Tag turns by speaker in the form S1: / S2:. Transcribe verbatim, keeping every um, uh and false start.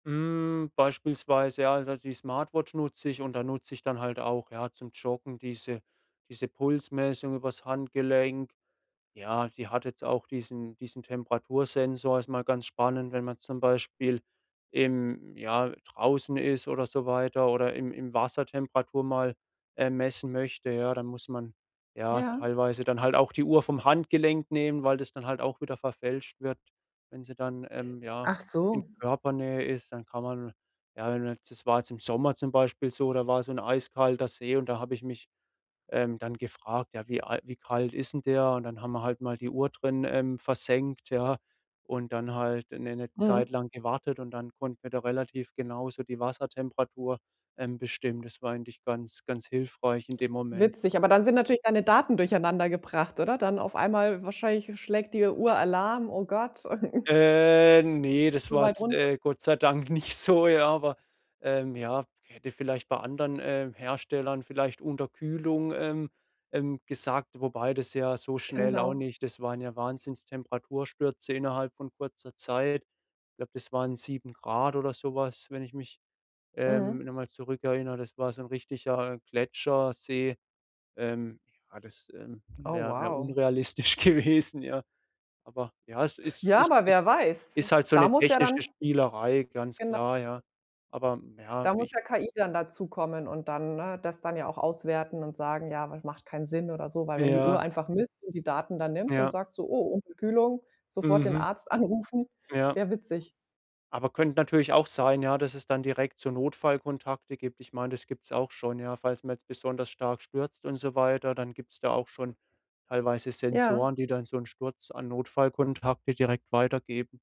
S1: Hm, beispielsweise, ja, also, die Smartwatch nutze ich und da nutze ich dann halt auch, ja, zum Joggen diese diese Pulsmessung über's Handgelenk. Ja, die hat jetzt auch diesen diesen Temperatursensor. Ist mal ganz spannend, wenn man zum Beispiel im ja, draußen ist, oder so weiter, oder im im Wasser Temperatur mal, äh, messen möchte, ja, dann muss man ja
S2: Ja.
S1: teilweise dann halt auch die Uhr vom Handgelenk nehmen, weil das dann halt auch wieder verfälscht wird. Wenn sie dann, ähm, ja in
S2: Achso.
S1: Körpernähe ist, dann kann man ja [unintelligible] das war jetzt im Sommer zum Beispiel so, da war so 'n eiskalter See und da habe ich mich, ähm, dann gefragt, ja, wie al wie kalt ist 'n der? Und dann haben wir halt mal die Uhr drin, ähm, versenkt, ja? Und dann halt 'ne 'ne Zeit
S2: Mhm.
S1: lang gewartet und dann konnten wir da relativ genau so die Wassertemperatur, ähm, bestimmen. Das war eigentlich ganz ganz hilfreich in dem Moment.
S2: Witzig, aber dann sind natürlich deine Daten durcheinander gebracht, oder? Dann auf einmal wahrscheinlich schlägt dir Uhr Alarm, oh Gott.
S1: Äh, ne, das
S2: So
S1: war
S2: weit
S1: jetzt,
S2: runter.
S1: äh, Gott sei Dank nicht so, ja, aber, ähm, ja, hätte vielleicht bei anderen, äh, Herstellern vielleicht Unterkühlung, ähm ähm, gesagt, wobei das ja so schnell auch
S2: Genau.
S1: nicht das waren ja Wahnsinns Temperaturstürze innerhalb von kurzer Zeit. Ich glaube, das waren sieben Grad, oder so was, wenn ich mich, ähm,
S2: Mhm.
S1: noch mal zurückerinnere. Das war so 'n richtiger Gletschersee. Ähm, ja, das, ähm,
S2: Oh
S1: wäre wäre
S2: wow.
S1: unrealistisch gewesen, ja. Aber ja, es ist
S2: Ja,
S1: ist
S2: aber
S1: ist
S2: wer weiß?
S1: ist halt so
S2: Da
S1: 'ne
S2: muss ja
S1: technische
S2: dann
S1: Spielerei, ganz
S2: Genau.
S1: klar, ja. Aber ja,
S2: Da muss
S1: ich
S2: ja KI dann dazukommen und dann ne? Das dann ja auch auswerten und sagen, ja, aber macht keinen Sinn, oder so, weil wenn die Uhr
S1: Ja.
S2: einfach misst und die Daten dann nimmt und
S1: Ja.
S2: sagt so, oh, Unterkühlung, sofort den
S1: Mhm.
S2: Arzt anrufen,
S1: Ja.
S2: wäre witzig.
S1: Aber könnte natürlich auch sein, ja? Dass es dann direkt so Notfallkontakte gibt. Ich meine, das gibt's auch schon, ja? Falls man jetzt besonders stark stürzt und so weiter, dann gibt's da auch schon teilweise
S2: Ja.
S1: Sensoren, die dann so 'nen Sturz an Notfallkontakte direkt weitergeben.